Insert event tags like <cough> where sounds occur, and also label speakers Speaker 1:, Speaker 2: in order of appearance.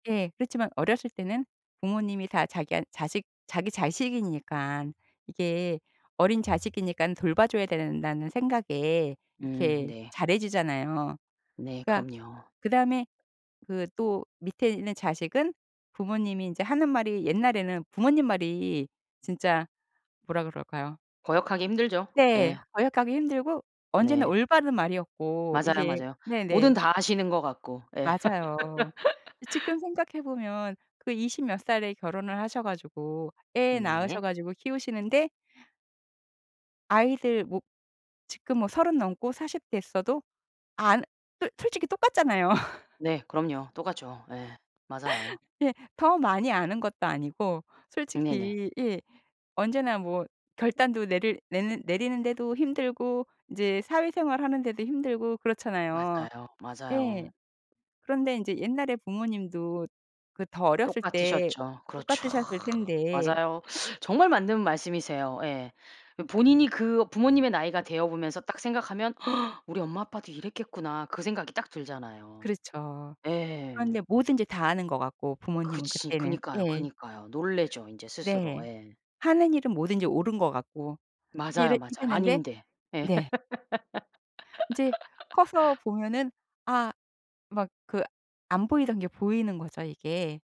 Speaker 1: 예. 그렇지만 어렸을 때는 부모님이 다 자기안 자식 자기 자식이니깐 이게 어린 자식이니깐 돌봐 줘야 된다는 생각에
Speaker 2: 음
Speaker 1: 이렇게
Speaker 2: 네.
Speaker 1: 잘해 주잖아요.
Speaker 2: 네
Speaker 1: 그러니까
Speaker 2: 그럼요.
Speaker 1: 그다음에 그 또 밑에 있는 자식은 부모님이 인제 하는 말이 옛날에는 부모님 말이 진짜 뭐라 그럴까요.
Speaker 2: 거역하기 힘들죠.
Speaker 1: 네.
Speaker 2: 예.
Speaker 1: 거역하기 힘들고 언제나
Speaker 2: 네.
Speaker 1: 올바른 말이었고.
Speaker 2: 맞아요,
Speaker 1: 이게
Speaker 2: 맞아요. 뭐든
Speaker 1: 네네.
Speaker 2: 다 아시는 것 같고. 예
Speaker 1: 맞아요. 이 지금
Speaker 2: <laughs>
Speaker 1: 생각해 보면 그 이십 몇 살에 결혼을 하셔 가지고 애
Speaker 2: 네.
Speaker 1: 낳으셔 가지고 키우시는데 아이들 뭐 지금 뭐 30 넘고 40 됐어도 안 솔 솔직히 똑같잖아요. <laughs>
Speaker 2: 네 그럼요. 똑같죠. 예. 맞아요.
Speaker 1: 예. 더 많이 아는 것도 아니고
Speaker 2: 네네.
Speaker 1: 솔직히 예 언제나 뭐 결단도 내릴 내는 내리는 데도 힘들고 이제 사회 생활하는 데도 힘들고 그렇잖아요.
Speaker 2: 맞아요.
Speaker 1: 예.
Speaker 2: 맞아요.
Speaker 1: 그런데 인제 옛날에 부모님도 그 더 어렸을 때
Speaker 2: 똑같으셨죠. 그렇죠.
Speaker 1: 똑같으셨을 텐데
Speaker 2: 맞아요. 정말 맞는 말씀이세요. 예. 이 본인이 그 부모님의 나이가 되어 보면서 딱 생각하면 <gasps> '우리 엄마 아빠도 이랬겠구나.' 그 생각이 딱 들잖아요.
Speaker 1: 그렇죠.
Speaker 2: 네.
Speaker 1: 그런데 뭐든지 다 아는 것 같고 부모님은
Speaker 2: 그렇지.
Speaker 1: 그때는.
Speaker 2: 그니까요,
Speaker 1: 예.
Speaker 2: 그니까요. 놀래죠 인제 스스로.
Speaker 1: 네.
Speaker 2: 예.
Speaker 1: 하는 일은 뭐든지 옳은 것 같고
Speaker 2: 맞아요,
Speaker 1: 이랬
Speaker 2: 맞아요.
Speaker 1: 이랬는데
Speaker 2: 아닌데. 예.
Speaker 1: 네. 이제 커서
Speaker 2: <laughs>
Speaker 1: 보면은 아 막 그 안 보이던 게 보이는 거죠 이게.